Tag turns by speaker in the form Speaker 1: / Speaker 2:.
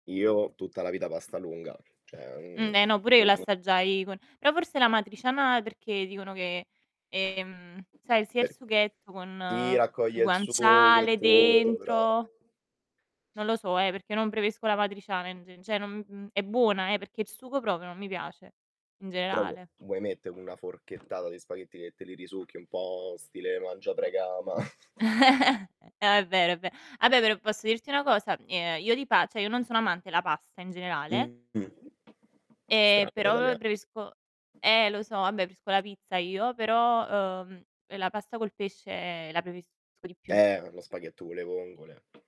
Speaker 1: Io tutta la vita pasta lunga, cioè, mhmm
Speaker 2: Mh. Eh no pure io
Speaker 1: mh.
Speaker 2: l'assaggiai con però forse l'amatriciana perché dicono che, ehm, sai sia il sughetto
Speaker 1: Sì,
Speaker 2: con il
Speaker 1: raccoglie il sugo e
Speaker 2: guanciale
Speaker 1: tutto, però.
Speaker 2: dentro non lo so eh, perché non preferisco l'amatriciana, in g cioè n n è buona eh, perché il sugo proprio non mi piace in
Speaker 1: Però,
Speaker 2: generale.
Speaker 1: vuoi mettere una forchettata di spaghetti che te li risucchi un po' stile Mangia, Prega, Ama?
Speaker 2: È vero, è ve vabbè però, posso dirti una cosa? Ehm, io di pa cioè io non sono amante la pasta in generale
Speaker 1: Mh-mh.
Speaker 2: e
Speaker 1: Strano da
Speaker 2: però
Speaker 1: italia
Speaker 2: preferisco eh lo so, vabbè, preferisco la pizza io, però, ehm, la pasta col pesce la preferisco di più.
Speaker 1: Eh, ma lo spaghetto con le vongole.